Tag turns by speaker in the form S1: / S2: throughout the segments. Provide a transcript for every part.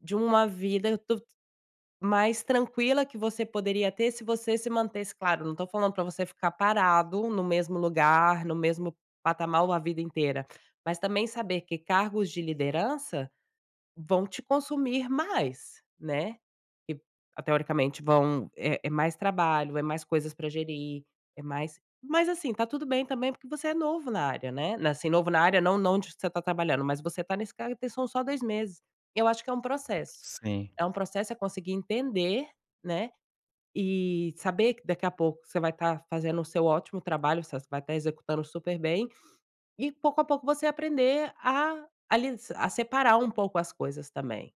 S1: De uma vida duv mais tranquila, que você poderia ter, se você se mantesse claro, não tô falando pra você ficar parado, no mesmo lugar, no mesmo patamar a vida inteira. Mas também saber que cargos de liderança, vão te consumir mais, né? Que ah, teoricamente vão é é mais trabalho, é mais coisas pra gerir, é mais mas assim, tá tudo bem também, porque você é novo na área, né? Na assim, novo na área não não de você tá trabalhando, mas você tá nesse cargo tem são só 2 meses. Eu acho que é um processo.
S2: Sim.
S1: É um processo, é conseguir entender, né, e saber que daqui a pouco você vai tá fazendo o seu ótimo trabalho, você vai tá executando super bem, e pouco a pouco você aprender a a lis a separar um pouco as coisas também.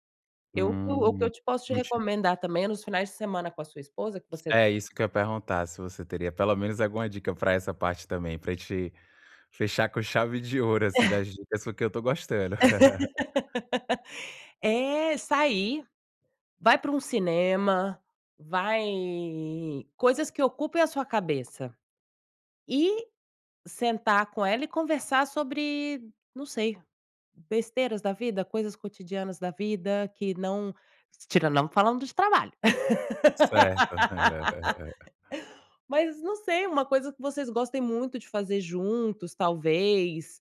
S1: Eu o que eu o que
S2: Hum.
S1: eu te posso te
S2: Não ti
S1: recomendar também é nos finais de semana com a sua esposa, que você
S2: É, isso que eu ia perguntar, se você teria pelo menos alguma dica pra essa parte também, pra gente fechar com chave de ouro, assim, das dicas, porque eu estou gostando.
S1: É, sair. Vai para um cinema, vai coisas que ocupem a sua cabeça. E, sentar com ela e conversar sobre, não sei, besteiras da vida, coisas cotidianas da vida que não tirando não falando de trabalho.
S2: Certo.
S1: Mas, não sei, uma coisa que vocês gostem muito de fazer juntos, talvez.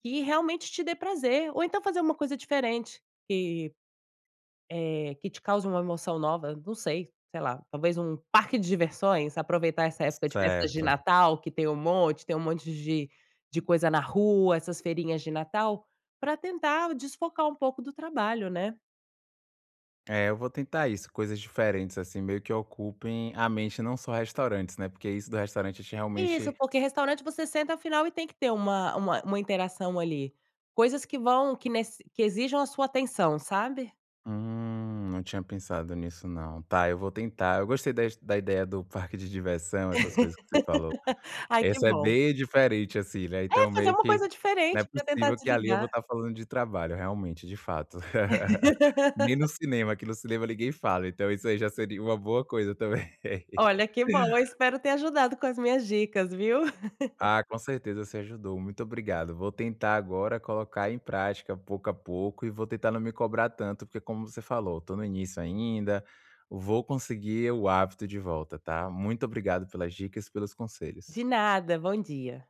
S1: Que realmente te dê prazer. Ou então fazer uma coisa diferente, que, eh, que te cause uma emoção nova, não sei, sei lá, talvez um parque de diversões, aproveitar essa época de festas de
S2: Certo.
S1: Natal que tem um monte, tem um monte de de coisa na rua, essas feirinhas de Natal, pra tentar desfocar um pouco do trabalho, né?
S2: É, eu vou tentar isso. Coisas diferentes, assim, meio que ocupem a mente, não só restaurantes, né? Porque isso do restaurante a gente
S1: Isso,
S2: realmente
S1: porque restaurante você senta afinal, e tem que ter uma uma uma interação ali. Coisas que vão que nece que exijam a sua atenção, sabe?
S2: Hum, não tinha pensado nisso não. Tá, eu vou tentar. Eu gostei das da ideia do parque de diversão, essas coisas que você falou.
S1: Ai que
S2: Essa é
S1: bom.
S2: bem diferente, assim, né,
S1: É,
S2: então
S1: fazer
S2: meio
S1: uma
S2: que,
S1: coisa
S2: não é
S1: diferente pra tentar
S2: possível que ali eu
S1: desligar.
S2: vou tá falando de trabalho, realmente de fato. Nem no cinema, que no cinema ninguém fala, então isso aí já seria uma boa coisa também.
S1: Olha que bom, eu espero ter ajudado com as minhas dicas, viu?
S2: Ah, com certeza, você ajudou. Muito obrigado. Vou tentar agora colocar em prática, pouco a pouco, e vou tentar não me cobrar tanto, porque como você falou, tô no início ainda. Vou conseguir o hábito de volta, tá? Muito obrigado pelas dicas e pelos conselhos.
S1: De nada, bom dia.